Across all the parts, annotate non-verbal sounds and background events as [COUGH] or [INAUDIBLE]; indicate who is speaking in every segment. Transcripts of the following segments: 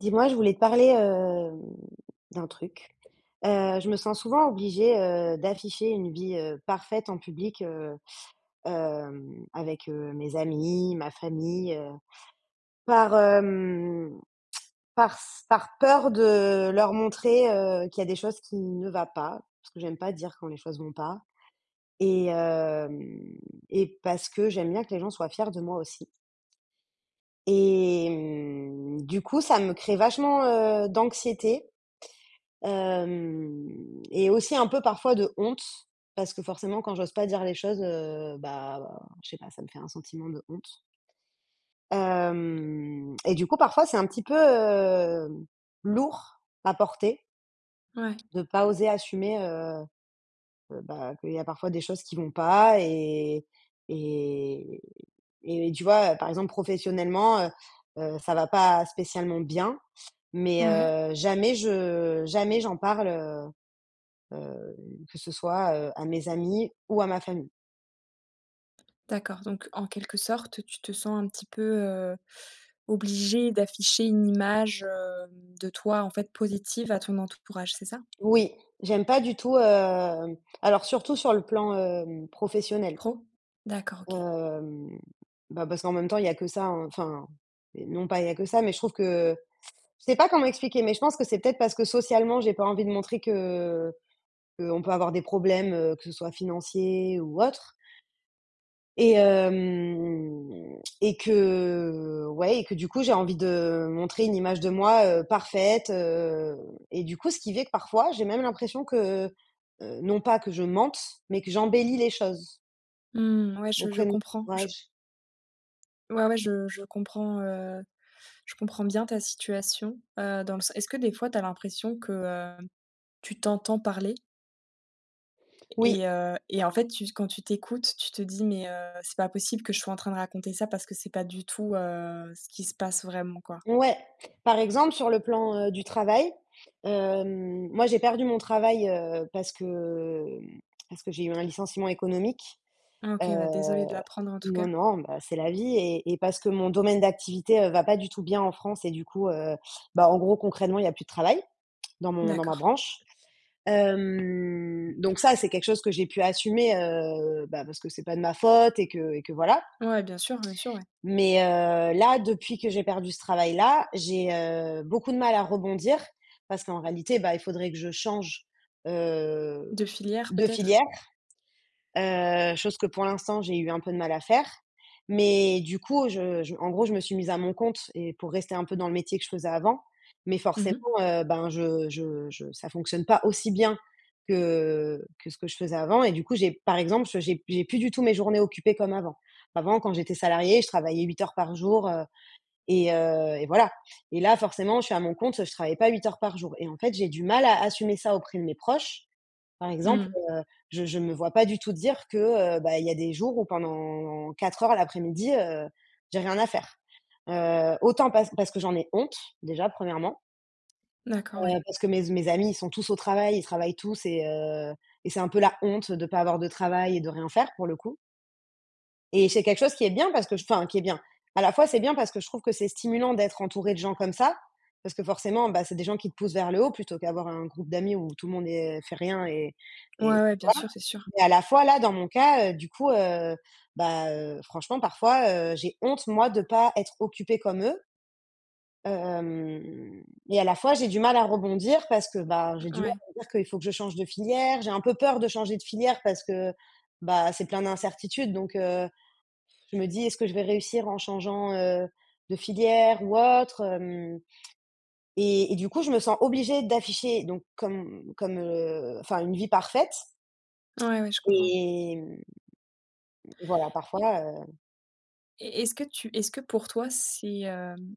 Speaker 1: Dis-moi, je voulais te parler, hem, d'un truc, heu, je me sens souvent obligée, heu, d'afficher une vie, heu, parfaite en public, heu, hem, avec, heu, mes amis, ma famille, heu, par, hem, parce par peur de leur montrer, heu, qu'il y a des choses qui ne va pas parce que j'aime pas dire quand les choses vont pas et hem et parce que j'aime bien que les gens soient fiers de moi aussi et mmh, du coup, ça me crée vachement, heu, d'anxiété, hem et aussi un peu parfois de honte, parce que forcément quand j'ose pas dire les choses, heu, bah, je sais pas, ça me fait un sentiment de honte hem et du coup, parfois, c'est un petit peu, hem, lourd à porter
Speaker 2: Ouais.
Speaker 1: de pas oser assumer, heu heu, bah, qu'il y a parfois des choses qui vont pas et et et tu vois? Heu, par exemple, professionnellement, heu heu, ça va pas spécialement bien mais,
Speaker 2: Ouais.
Speaker 1: heu, jamais je jamais j'en parle, heu heu, que ce soit, heu, à mes amis ou à ma famille.
Speaker 2: D'accord, donc en quelque sorte, tu te sens un petit peu, heu, obligée d'afficher une image, hem, de toi, en fait, positive à ton entourage, c'est ça?
Speaker 1: Oui. J'aime pas du tout, hem alors surtout sur le plan, hem, professionnel.
Speaker 2: Pro? D'accord, OK.
Speaker 1: Hem, bah, parce qu'en même temps, il y a que ça, hein enfin, non pas il y a que ça, mais je trouve que je sais pas comment expliquer, mais je pense que c'est peut-être parce que socialement, j'ai pas envie de montrer que qu'on peut avoir des problèmes, heu, que ce soit financiers ou autres. Et hem et que, ouais et que du coup, j'ai envie de montrer une image de moi, heu, parfaite, heu et du coup, ce qui fais que parfois, j'ai même l'impression que, heu, non pas que je mente, mais que j'embellis les choses
Speaker 2: Mmh, ouais, je je
Speaker 1: auprès de mon
Speaker 2: comprends. Je
Speaker 1: entourage.
Speaker 2: ouais, ouais, je je comprends, heu je comprends bien ta situation, heu, dans le sen est-ce que des fois tu as l'impression que, hem, tu t'entends parler? Et
Speaker 1: Oui.
Speaker 2: et heu et en fait, tu quand tu t'écoutes, tu te dis: «Mais heu, c'est pas possible que je sois en train de raconter ça parce que c'est pas du tout, heu, ce qui se passe vraiment, quoi».
Speaker 1: Ouais. Par exemple, sur le plan, heu, du travail, hem, moi, j'ai perdu mon travail, heu, parce que, hem, parce que j'ai eu un licenciement économique,
Speaker 2: Ah
Speaker 1: heu,
Speaker 2: OK, ouais, désolée de l'apprendre en tout
Speaker 1: non,
Speaker 2: cas.
Speaker 1: non, bah, c'est la vie et et parce que mon domaine d'activité, heu, va pas du tout bien en France et du coup, heu, bah, en gros, concrètement, il y a plus de travail dans mon dans ma
Speaker 2: D'accord.
Speaker 1: branche, hem, donc ça, c'est quelque chose que j'ai pu assumer, heu, ben, parce que c'est pas de ma faute et que et que, voilà.
Speaker 2: Ouais, bien sûr, bien sûr, ouais.
Speaker 1: Mais heu, là, depuis que j'ai perdu ce travail-là, j'ai, heu, beaucoup de mal à rebondir parce qu'en réalité, bah, il faudrait que je change,
Speaker 2: M
Speaker 1: heu,
Speaker 2: de filière,
Speaker 1: de
Speaker 2: peut-être?
Speaker 1: filière, heu, chose que pour l'instant, j'ai eu un peu de mal à faire. Mais du coup, je je en gros, je me suis mise à mon compte et pour rester un peu dans le métier que je faisais avant mais
Speaker 2: Mmh mh.
Speaker 1: forcément, heu, ben, je je je ça fonctionne pas aussi bien que que ce que je faisais avant et du coup, j'ai par exemple, je j'ai p j'ai plus du tout mes journées occupées comme avant. Avant, quand j'étais salariée, je travaillais 8 heures par jour, heu et heu et voilà et là, forcément, je suis à mon compte, je travaille pas 8 heures par jour et en fait, j'ai du mal à assumer ça auprès de mes proches. Par
Speaker 2: Mmh
Speaker 1: exemple,
Speaker 2: mh.
Speaker 1: heu, je je me vois pas du tout dire que, heu, bah, il y a des jours où pendant 4 heures l'après-midi, heu, j'ai rien à faire, heu, autant parce parce que j'en ai honte déjà 1°
Speaker 2: D'accord, ouais.
Speaker 1: heu, parce que mes z mes amis, ils sont tous au travail, ils travaillent tous et heu et c'est un peu la honte de pas avoir de travail et de rien faire, pour le coup. Et c'est quelque chose qui est bien parce que je enfin, qui est bien. À la fois, c'est bien parce que je trouve que c'est stimulant d'être entourée de gens comme ça. Parce que forcément, bah, c'est des gens qui te poussent vers le haut plutôt qu'avoir un groupe d'amis où tout le monde est fait rien et
Speaker 2: Ouais
Speaker 1: et.
Speaker 2: ouais, bien
Speaker 1: [UNINTELLIGIBLE]
Speaker 2: sûr, c'est sûr.
Speaker 1: Mais à la fois là, dans mon cas, heu, du coup, heu, bah heu, franchement parfois, heu, j'ai honte moi de pas être occupée comme eux. Hem et à la fois, j'ai du mal à rebondir parce que,
Speaker 2: M
Speaker 1: bah,
Speaker 2: heu,
Speaker 1: j'ai du mal
Speaker 2: ouais.
Speaker 1: à me dire qu'il faut que je change de filière. J'ai un peu peur de changer de filière parce que, bah, c'est plein d'incertitudes donc heu, je me dis: «Est-ce que je vais réussir en changeant, heu, de filière ou autre hem?» et et du coup, je me sens obligée d'afficher, donc comme comme, heu enfin une vie parfaite
Speaker 2: Ouais, ouais, je comprends.
Speaker 1: et mmh mmh, voilà
Speaker 2: I
Speaker 1: parfois, heu
Speaker 2: Et est-ce que tu est-ce que pour toi, c'est, hem,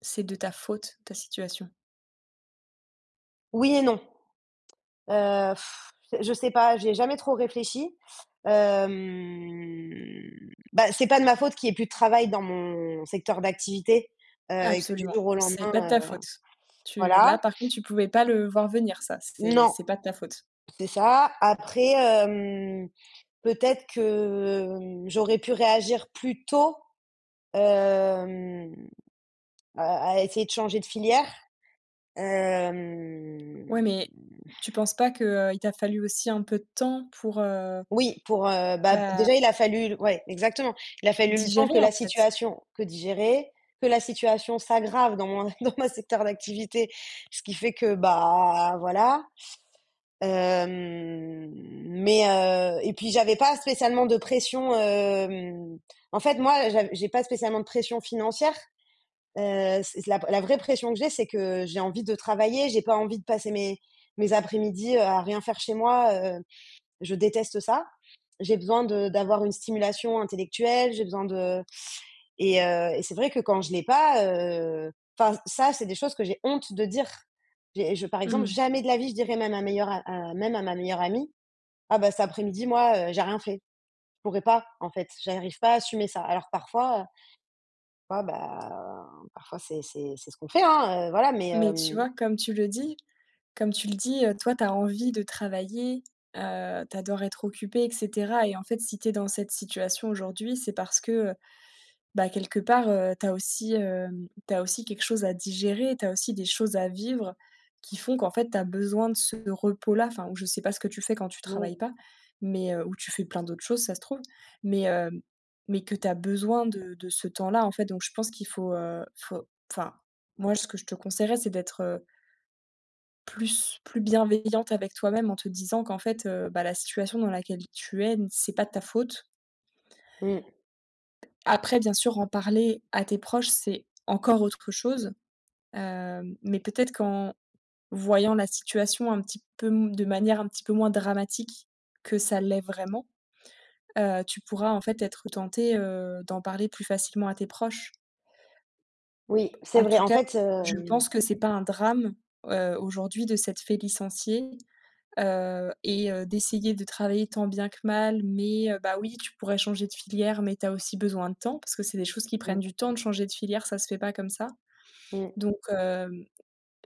Speaker 2: c'est de ta faute, ta situation?
Speaker 1: Oui et non. Heu, pfff c'est je sais pas, j'y ai jamais trop réfléchi. Hem, bah, c'est pas de ma faute qu'il y ait plus de travail dans mon secteur d'activité, heu, et que du
Speaker 2: Absolument.
Speaker 1: jour au lendemain,
Speaker 2: C'est pas de
Speaker 1: heu
Speaker 2: ta faute. Tu
Speaker 1: voilà.
Speaker 2: là par contre, tu pouvais pas le voir venir ça. C'est
Speaker 1: Non.
Speaker 2: c'est pas de ta faute.
Speaker 1: C'est ça. Après, hem, peut-être que, mmh, j'aurais pu réagir plus tôt, hem, à à essayer de changer de filière.
Speaker 2: Ouais
Speaker 1: hem
Speaker 2: mais tu penses
Speaker 1: [SCOFFS]
Speaker 2: pas que, heu, il t'a fallu aussi un peu de temps pour, heu
Speaker 1: Oui, pour, heu bah, b
Speaker 2: bah
Speaker 1: déjà, il a
Speaker 2: [UNINTELLIGIBLE]
Speaker 1: fallu l ouais exactement. Il a fallu le temps que
Speaker 2: digérer en
Speaker 1: la
Speaker 2: fait?
Speaker 1: situation que digérer que la situation s'aggrave dans mon dans ma secteur d'activité. Ce qui fait que, bah, voilà. Hem, mais heu et puis j'avais pas spécialement de pression, hem en fait moi, j'av j'ai pas spécialement de pression financière. Heu, s la p la vraie pression que j'ai, c'est que j'ai envie de travailler, j'ai pas envie de passer mes mes après-midi, heu, à rien faire chez moi, heu. Je déteste ça. J'ai besoin de d'avoir une stimulation intellectuelle, j'ai besoin de et heu et c'est vrai que quand je l'ai pas, heu enfin ç ça, c'est des choses que j'ai honte de dire. J'ai je par exemple,
Speaker 2: Mmh.
Speaker 1: jamais de la vie je dirais même à meilleur a à même à ma meilleure amie: «Ah, bah, cet après-midi moi, heu, j'ai rien fait». Je pourrais pas, en fait, j'arrive pas à assumer ça. Alors parfois, heu fois, bah, parfois c'est c'est c'est ce qu'on fait, hein, heu. Voilà, mais
Speaker 2: Mais tu
Speaker 1: hem
Speaker 2: vois, comme tu le dis comme tu le dis, heu, toi tu as envie de travailler, heu, tu adores être occupée et cetera et en fait, si tu es dans cette situation aujourd'hui, c'est parce que, heu, bah, quelque part, heu, tu as aussi, hem, tu as aussi quelque chose à digérer, tu as aussi des choses à vivre qui font qu'en fait, tu as besoin de ce repos-là. Enfin ou je sais pas ce que tu fais quand tu
Speaker 1: N oui.
Speaker 2: travailles pas, mais heu- ou tu fais plein d'autres choses ça se trouve- mais hem, mais que tu as besoin de de ce temps-là en fait, donc je pense qu'il faut, heu, il faut enfin, moi, ce que je te conseillerais, c'est d'être heu plus plus bienveillante avec toi-même en te disant qu'en fait, heu, bah, la situation dans laquelle tu es, n c'est pas de ta faute.
Speaker 1: Mmh.
Speaker 2: Après bien sûr, en parler à tes proches, c'est encore autre chose. Hem, mais peut-être qu'en voyant la situation un petit peu m de manière un petit peu moins dramatique que ça l'est vraiment, heu, tu pourras en fait être tentée, heu, d'en parler plus facilement à tes proches.
Speaker 1: Oui, c'est
Speaker 2: En
Speaker 1: vrai.
Speaker 2: tout
Speaker 1: En
Speaker 2: cas,
Speaker 1: fait,
Speaker 2: je
Speaker 1: hem
Speaker 2: pense que c'est pas un drame, heu, aujourd'hui de s'être fait licencier, heu, et heu, d'essayer de travailler tant bien que mal mais heu, bah, oui, tu pourrais changer de filière, mais tu as aussi besoin de temps, parce que c'est des choses qui prennent
Speaker 1: Mmh.
Speaker 2: du temps de changer de filière. Ça se fait pas comme ça,
Speaker 1: Mmh.
Speaker 2: donc hem,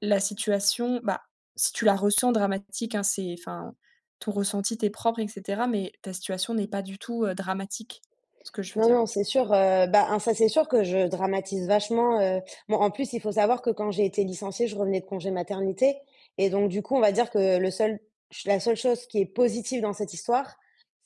Speaker 2: la situation, bah, si tu la ressens dramatique, hein, c'est enfin, ton ressenti t'est propre et cetera, mais ta situation n'est pas du tout, heu, dramatique. Ce que je veux
Speaker 1: Non,
Speaker 2: dire,
Speaker 1: non,
Speaker 2: tu
Speaker 1: c'est sûr, heu, bah, un ça c'est sûr que je dramatise vachement, heu bon en plus, il faut savoir que quand j'ai été licenciée, je revenais de congé maternité et donc du coup, on va dire que le seul ch la seule chose qui est positive dans cette histoire,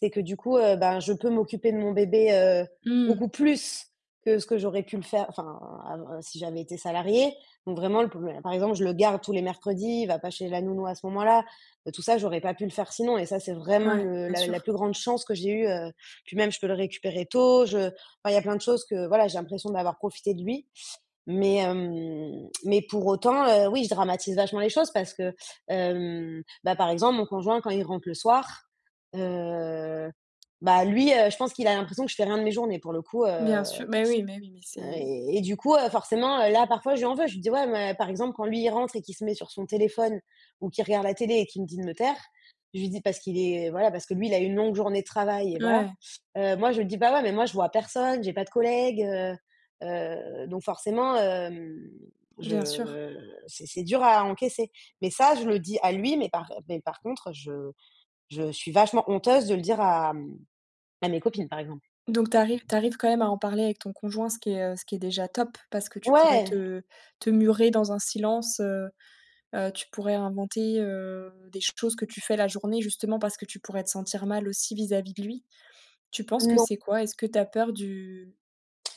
Speaker 1: c'est que du coup, heu, ben, je peux m'occuper de mon bébé, heu,
Speaker 2: Mmh.
Speaker 1: beaucoup plus que ce que j'aurais pu le faire enfin ah, heu, si j'avais été salariée, donc vraiment le, [UNINTELLIGIBLE] par exemple, je le garde tous les mercredis, il va pas chez la nounou à ce moment-là. Heu, tout ça, j'aurais pas pu le faire sinon et ça, c'est vraiment
Speaker 2: Ouais,
Speaker 1: le
Speaker 2: bien
Speaker 1: la la
Speaker 2: sûr.
Speaker 1: plus grande chance que j'ai eue heu. Puis même je peux le récupérer tôt, je voilà, il y a plein de choses que voilà, j'ai l'impression d'avoir profité de lui, mais hem mais pour autant, heu, oui, je dramatise vachement les choses parce que, hem, bah, par exemple, mon conjoint quand il rentre le soir, heu, bah, lui, heu, je pense qu'il a l'impression que je fais rien de mes journées pour le coup, heu.
Speaker 2: Bien sûr mais oui, mais oui, mais
Speaker 1: Heu,
Speaker 2: c'est
Speaker 1: et et du coup, heu, forcément, heu, là parfois je lui en veux, je lui dis: «Ouais, mais» par exemple, quand lui, il rentre et qu'il se met sur son téléphone ou qu'il regarde la télé et qu'il me dit de me taire, je lui dis parce qu'il est voilà, parce que lui, il a eu une longue journée de travail et
Speaker 2: N
Speaker 1: voilà.
Speaker 2: ouais.
Speaker 1: Heu, moi, je dis: «Bah, ouais, mais moi, je vois personne, j'ai pas de collègues, heu». Heu, donc forcément, hem,
Speaker 2: Bien sûr.
Speaker 1: je c'est c'est dur à encaisser, mais ça, je le dis à lui, mais par, heu mais par contre, je je suis vachement honteuse de le dire à, mmh à mes copines par exemple.
Speaker 2: Donc tu arrives tu arrives quand même à en parler avec ton conjoint, ce qui est, heu, ce qui est déjà top. Parce que tu pourrais
Speaker 1: Ouais.
Speaker 2: te te murer dans un silence, heu heu, tu pourrais inventer, heu, des choses que tu fais la journée justement parce que tu pourrais te sentir mal aussi vis-à-vis de lui. Tu penses que
Speaker 1: Non.
Speaker 2: c'est quoi? Est-ce que tu as peur du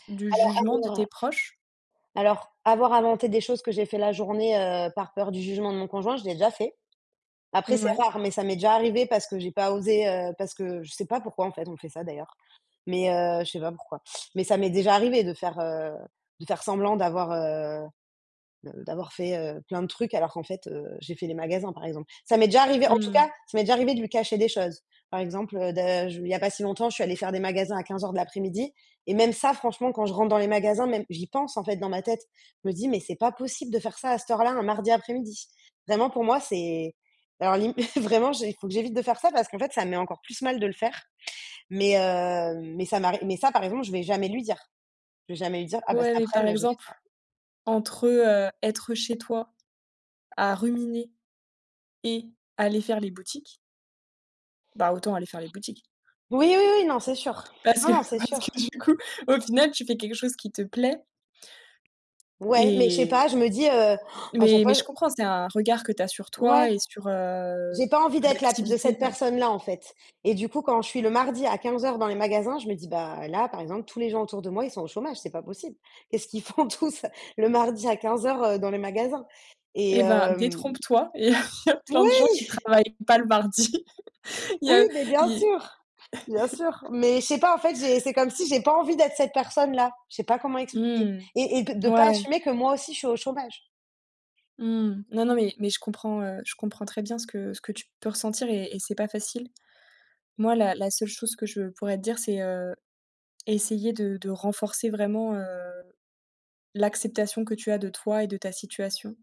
Speaker 2: du
Speaker 1: Alors,
Speaker 2: jugement de tes
Speaker 1: avoir
Speaker 2: proches?
Speaker 1: alors, avoir inventé des choses que j'ai fait la journée, heu, par peur du jugement de mon conjoint, je l'ai déjà fait. Après, c'est
Speaker 2: Ouais.
Speaker 1: rare, mais ça m'est déjà arrivé parce que j'ai pas osé, heu, parce que je sais pas pourquoi en fait, on fait ça d'ailleurs mais heu je sais pas pourquoi. Mais ça m'est déjà arrivé de faire, heu, de faire semblant d'avoir, heu de d'avoir fait, heu, plein de trucs alors qu'en fait, heu, j'ai fait les magasins par exemple. Ça m'est déjà arrivé, en tout cas,
Speaker 2: Mmh.
Speaker 1: ça m'est déjà arrivé de lui cacher des choses. Par exemple, heu, de je il y a pas si longtemps, je suis allée faire des magasins à 15:00 de l'après-midi et même ça, franchement, quand je rentre dans les magasins, même, j'y pense en fait dans ma tête. Je me dis: «Mais c'est pas possible de faire ça à cette heure-là, un mardi après-midi». Vraiment pour moi c'est alors lim [CHUCKLES] vraiment, j'ai il faut que j'évite de faire ça parce qu'en fait, ça me met encore plus mal de le faire mais heu, mais ça m'arri mais ça par exemple, je vais jamais lui dire. Je vais jamais lui dire: «Ah bah cet
Speaker 2: Ouais, mais
Speaker 1: aprèm,
Speaker 2: par
Speaker 1: moi, j'ai fait
Speaker 2: exemple,
Speaker 1: ça».
Speaker 2: entre, heu, être chez toi, à ruminer et aller faire les boutiques Bah, autant aller faire les boutiques
Speaker 1: Oui, oui, oui, non, c'est sûr!
Speaker 2: parce
Speaker 1: Non,
Speaker 2: que
Speaker 1: non, c'est
Speaker 2: parce
Speaker 1: sûr!
Speaker 2: que du coup, au final, tu fais quelque chose qui te plaît
Speaker 1: Ouais, mais je sais
Speaker 2: et
Speaker 1: pas, je me dis, heu, han! À chaque
Speaker 2: mais
Speaker 1: fois,
Speaker 2: mais
Speaker 1: je
Speaker 2: je comprends, c'est un regard que tu as sur
Speaker 1: Ouais.
Speaker 2: toi et sur, heu,
Speaker 1: J'ai pas envie
Speaker 2: l
Speaker 1: d'être la p de
Speaker 2: l'activité
Speaker 1: cette
Speaker 2: ouais.
Speaker 1: personne-là en fait et du coup, quand je suis le mardi à 15:00 dans les magasins, je me dis: «Bah là, par exemple, tous les gens autour de moi, ils sont au chômage, c'est pas possible». Qu'est-ce qu'ils font tous le mardi à 15:00, heu, dans les magasins? Et
Speaker 2: Et ben,
Speaker 1: hem
Speaker 2: détrompe-toi, [CHUCKLES] il y a il y a plein de gens
Speaker 1: Moui!
Speaker 2: qui
Speaker 1: [CHUCKLES]
Speaker 2: travaillent pas le mardi. [CHUCKLES] Il y
Speaker 1: Oui,
Speaker 2: a
Speaker 1: mais bien
Speaker 2: i
Speaker 1: sûr. Bien sûr.
Speaker 2: [CHUCKLES]
Speaker 1: Mais je sais pas en fait, j'ai c'est comme si j'ai pas envie d'être cette personne là. Je sais pas comment expliquer
Speaker 2: Mmh.
Speaker 1: et et que de
Speaker 2: Ouais,
Speaker 1: pas
Speaker 2: ouais.
Speaker 1: assumer que moi aussi je suis au chômage.
Speaker 2: Mmh. Non, non, mais mais je comprends, heu, je comprends très bien ce que ce que tu peux ressentir et et c'est pas facile. Moi, la la seule chose que je pourrais te dire, c'est, heu, essayer de de renforcer vraiment, heu, l'acceptation que tu as de toi et de ta situation.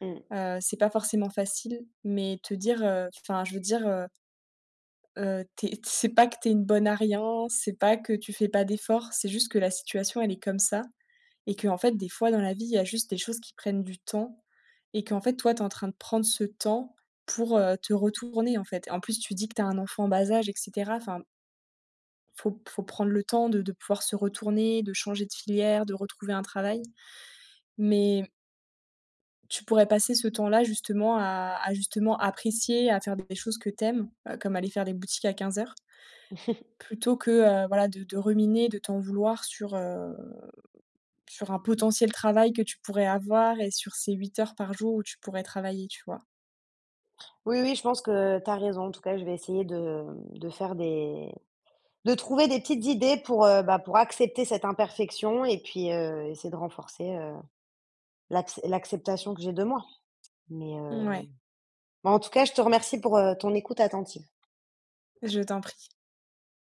Speaker 1: Mmh.
Speaker 2: Heu, c'est pas forcément facile, mais te dire, heu, f enfin, je veux dire, heu heu, tu es t c'est pas que tu es une bonne à rien, c'est pas que tu fais pas d'efforts. C'est juste que la situation, elle est comme ça et qu'en fait, des fois dans la vie, il y a juste des choses qui prennent du temps et qu'en fait, toi, tu es en train de prendre ce temps pour, heu, te retourner en fait et en plus, tu dis que tu as un enfant en bas âge et cetera. Enfin faut p faut prendre le temps de de pouvoir se retourner, de changer de filière, de retrouver un travail. Mais tu pourrais passer, ce temps-là, justement à à justement apprécier, à faire des choses que tu aimes, heu, comme aller faire des boutiques à 15:00
Speaker 1: [CHUCKLES]
Speaker 2: plutôt que, heu, voilà de de ruminer, de t'en vouloir sur, heu, sur un potentiel travail que tu pourrais avoir et sur ces 8 heures par jour où tu pourrais travailler, tu vois?
Speaker 1: Oui, oui, je pense que tu as raison. En tout cas, je vais essayer de, hem, de faire des de trouver des petites idées pour, heu, bah pour accepter cette imperfection et puis, heu, essayer de renforcer, heu, l'acce l'acceptation que j'ai de moi mais, heu
Speaker 2: Mouais.
Speaker 1: mais en tout cas, je te remercie pour, heu, ton écoute attentive.
Speaker 2: Je t'en prie.